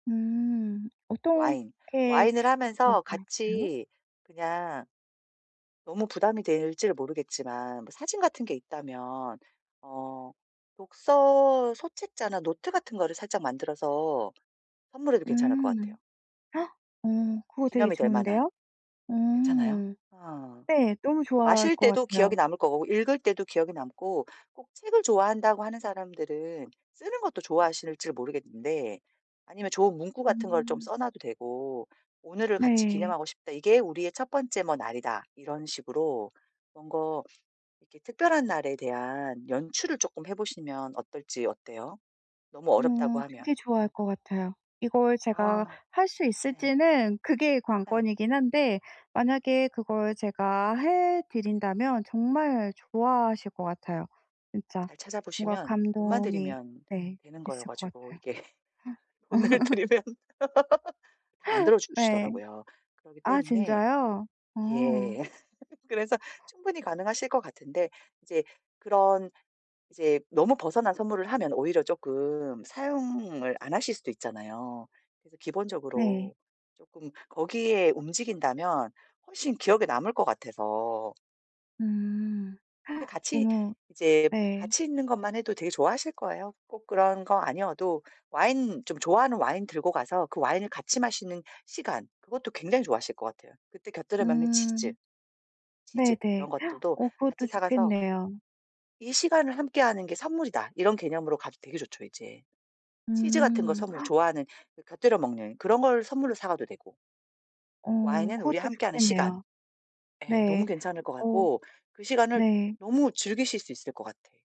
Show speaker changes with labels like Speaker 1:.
Speaker 1: 음.
Speaker 2: 와인.
Speaker 1: 어떻게
Speaker 2: 와인을 하면서
Speaker 1: [unintelligible] 까요?
Speaker 2: 같이 그냥 너무 부담이 될지는 모르겠지만 뭐 사진 같은 게 있다면 어 독서 소책자나 노트 같은 거를 살짝 만들어서 선물해도 괜찮을 것 같아요.
Speaker 1: 음. 어. 그거 되게
Speaker 2: 기념이 될 만한.
Speaker 1: 좋은데요? 어.
Speaker 2: 괜찮아요? 어.
Speaker 1: 네. 너무
Speaker 2: 뭐
Speaker 1: 좋아할
Speaker 2: 마실
Speaker 1: 것
Speaker 2: 때도 기억이
Speaker 1: 같아요.
Speaker 2: 남을 거고 읽을 때도 기억에 남고 꼭 책을 좋아한다고 하는 사람들은 쓰는 것도 좋아하실지 모르겠는데 아니면 좋은 문구 같은 걸 좀
Speaker 1: 음.
Speaker 2: 써 놔도 되고 "오늘을 같이
Speaker 1: 네.
Speaker 2: 기념하고 싶다. 이게 우리의 첫 번째 뭐 날이다." 이런 식으로 뭔가 이렇게 특별한 날에 대한 연출을 쪼끔 해 보시면 어떨지. 어때요? 너무 어렵다고
Speaker 1: 어.
Speaker 2: 하면.
Speaker 1: 되게 좋아할 것 같아요. 이걸 제가
Speaker 2: 아.
Speaker 1: 할 수
Speaker 2: 네.
Speaker 1: 있을지는 그게
Speaker 2: 예.
Speaker 1: 관건이긴 한데 만약에 그걸 제가 해드린다면 정말 좋아하실 것 같아요. 진짜.
Speaker 2: 잘
Speaker 1: 뭔가
Speaker 2: 찾아보시면 돈만
Speaker 1: 감동이
Speaker 2: 들이면
Speaker 1: 네.
Speaker 2: 되는 거여
Speaker 1: 있을 것
Speaker 2: 가지고
Speaker 1: 같아요.
Speaker 2: 이게
Speaker 1: 허.
Speaker 2: 돈을 들이면 다 만들어
Speaker 1: 네.
Speaker 2: 주시더라고요. 그러기
Speaker 1: 아
Speaker 2: 때문에
Speaker 1: 진짜요? 어.
Speaker 2: 예. 그래서 충분히 가능하실 것 같은데 이제 그런 이제 너무 벗어난 선물을 하면 오히려 쪼끔 사용을 안 하실 수도 있잖아요. 그래서
Speaker 1: 네.
Speaker 2: 기본적으로 쪼끔 거기에 움직인다면 훨씬 기억에 남을 것 같아서.
Speaker 1: 음.
Speaker 2: 근데 같이
Speaker 1: 너무
Speaker 2: 이제
Speaker 1: 네.
Speaker 2: 같이 있는 것만 해도 되게 좋아하실 거예요. 꼭 그런 거 아니어도 와인 좀 좋아하는 와인 들고 가서 그 와인을 같이 마시는 시간 그것도 굉장히 좋아하실 것 같아요. 그때 곁들여 먹는 치즈.
Speaker 1: 음.
Speaker 2: 치즈 이런
Speaker 1: 네네.
Speaker 2: 것들도
Speaker 1: 어 그것도
Speaker 2: 같이 사가서
Speaker 1: 좋겠네요.
Speaker 2: 이 시간을 함께하는 게 선물이다 이런 개념으로 가도 되게 좋죠 이제. 치즈 같은 거
Speaker 1: 음.
Speaker 2: 선물 좋아하는 곁들여 먹는 그런 걸 선물로 사가도 되고
Speaker 1: 어.
Speaker 2: 와인은 우리
Speaker 1: 그것도
Speaker 2: 함께하는 시간.
Speaker 1: 좋겠네요.
Speaker 2: 예 너무
Speaker 1: 네.
Speaker 2: 괜찮을 것
Speaker 1: 어.
Speaker 2: 같고 그 시간을
Speaker 1: 네.
Speaker 2: 너무 즐기실 수 있을 것 같아.